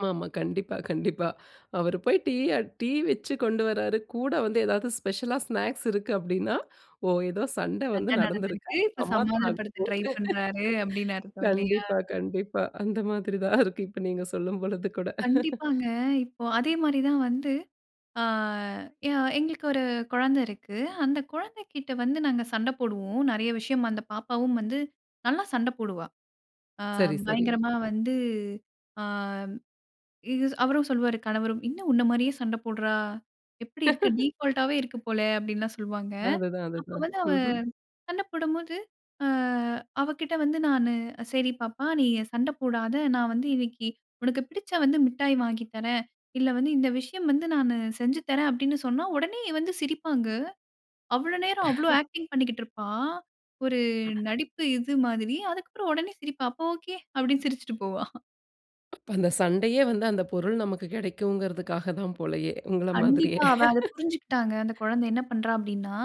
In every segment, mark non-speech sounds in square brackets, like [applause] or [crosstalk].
ஆமாமா, கண்டிப்பா, கண்டிப்பா! அவரு போய் டீ அ டீ வச்சு கொண்டு வராரு, கூட வந்து ஏதாவது ஸ்பெஷலா ஸ்நாக்ஸ் இருக்கு அப்படின்னா, "ஓ! ஏதோ சண்ட சண்ட வந்து நடந்திருக்கு! நடந்துருக்கு. அது இப்ப சமாதானம் ஆக சமாதானப்படுத்த ட்ரை போது." [laughs] பண்றாரு அப்படின்னா அர்த்தம் இல்லையா? கண்டிப்பா, கண்டிப்பா. அந்த மாதிரி தான் இருக்கு, இப்ப நீங்க சொல்லும் பொழுது கூட. [chuckles] கண்டிப்பாங்க. இப்போ அதே மாரி தான் வந்து, அ ய எங்களுக்கு ஒரு குழந்த இருக்கு. அந்த குழந்தைகிட்ட வந்து நாங்க சண்ட போடுவோம். நெறைய விஷயம் அந்த பாப்பாவும் வந்து நல்லா சண்ட போடுவா. அ சரி, சரி. பயங்கரமா வந்து, அ, இத்ஷ் அவரும் சொல்வாரு, கணவரும் "என்ன? உன்ன மாரியே சண்ட போடுறா. எப்படி இருக்கு." [chuckles] டிஃபால்ட் ஆவே இருக்கு போல அப்படில்லாம் சொல்வாங்க. அதுதான், அப்ப அதுதான். வந்து அவ, ம்ஹ்ம். சண்ட போடும்போது, அ, அவகிட்ட வந்து நானு, "சரி பாப்பா, நீ சண்ட போடாத. நான் வந்து இன்னைக்கு உனக்கு பிடிச்ச வந்து மிட்டாய் வாங்கி தறேன். இல்ல வந்து, இந்த விஷயம் வந்து நானு செஞ்சு தறேன்" அப்படின்னு சொன்னா உடனே வந்து சிரிப்பாங்க. அவ்ளோ நேரம் அவ்ளோ [chuckles] ஆக்டிங் பண்ணிக்கிட்டுருப்பா. ஒரு நடிப்பு, இது மாதிரி அதுக்கப்புறம் உடனே சிரிப்பா. அப்போ ஒகே. அப்படின்னு சிரிச்சுட்டு போவா! [chuckles] அப்ப அந்த சண்டையே வந்து, அந்த பொருள் நமக்கு கிடைக்கும்ங்கிறதுக்காக தான் போலயே, உங்கள மாதிரியே. கண்டிப்பா. அவ அத புரிஞ்சுகிட்டாங்க. அந்த குழந்த [chuckles] என்ன பண்றா, அப்படின்னா,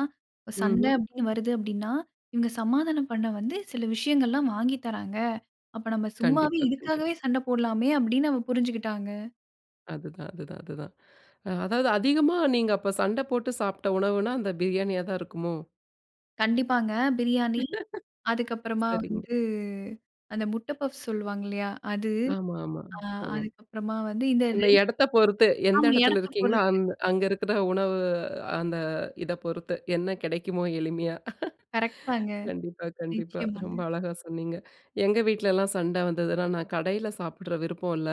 சண்ட ம்ஹ்ம். அப்படின்னு வருது அப்படின்னா, இவங்க சமாதானம் பண்ண வந்து சில விஷயங்கள்லாம் வாங்கி தர்றாங்க. அப்ப நம்ம சும்மாவே, கண்டிப்பா, கண்டிப்பா. இதுக்காகவே சண்ட போடலாமே, அப்படின்னு அவ புரிஞ்சுக்கிட்டாங்க! அதுதான், அதுதான், அதுதான். அ, அதாவது அதிகமா நீங்க அப்ப சண்ட போட்டு சாப்ட்ட உணவுனா, அந்த பிரியாணியா தான் இருக்குமோ? கண்டிப்பாங்க. பிரியாணி, [chuckles] அதுக்கப்புறமா சரிங்க. வந்து, அந்த முட்ட பஃப்ஸ் சொல்லுவாங்க இல்லையா? அது! ஆமா, ஆமா. அ, ஒ. அதுக்கப்புறமா வந்து இந்த இந்த 2 இடத்த பொறுத்து. எந்த ஆமா, இடத்துல இடத்த இருக்கீங்களோ பொறுத்து! அந் அங்க இருக்கிற உணவு, அந்த இத பொறுத்து என்ன கிடைக்குமோ எளிமையா. கரெக்ட் [chuckles] தாங்க. கண்டிப்பா, கண்டிப்பா! நிச்சயமாங்க. ரொம்ப அழகா சொன்னீங்க. எங்க வீட்லலாம் சண்ட வந்ததுன்னா நான் கடையில சாப்பிடற விருப்பம் இல்ல.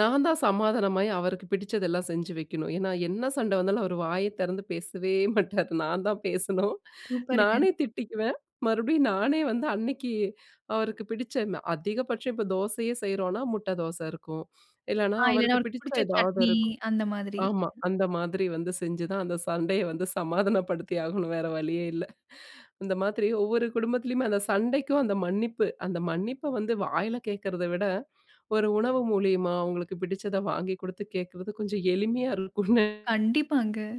நான் தான் சமாதானமாயி அவருக்கு பிடிச்சதெல்லாம் செஞ்சு வைக்கணும். ஏன்னா என்ன சண்ட வந்தாலும் அவர் வாய திறந்து பேசவே மாட்டாரு. நான்தான் பேசணும், சூப்பருங்க! நானே திட்டிக்குவேன். மறுபடியும் நானே வந்து அன்னைக்கு, அவருக்கு பிடிச்ச அதிகபட்சம் இப்ப தோசையே செய்கிறோம்னா, முட்ட தோசை இருக்கும். இல்லனா அ, இல்லன்னா அவருக்கு அவருக்கு பிடிச்ச பிடிச்ச ஏதாவது சட்னி, இருக்கும். அந்த மாதிரி. ஆமா, [unintelligible] அந்த மாதிரி வந்து செஞ்சுதான் அந்த சண்டைய வந்து சமாதானப்படுத்தி ஆகணும். வேற வழியே இல்ல. இந்த மாதிரி ஒவ்வொரு குடும்பத்திலயுமே அந்த சண்டைக்கும் அந்த மன்னிப்பு, அந்த மன்னிப்ப வந்து வாயில கேட்கிறத விட, ஒரு உணவு மூலியமா அவங்களுக்கு பிடிச்சத வாங்கி கொடுத்து கேட்கிறது கொஞ்சம் எளிமையா இருக்கும்னு நெ கண்டிப்பாங்க.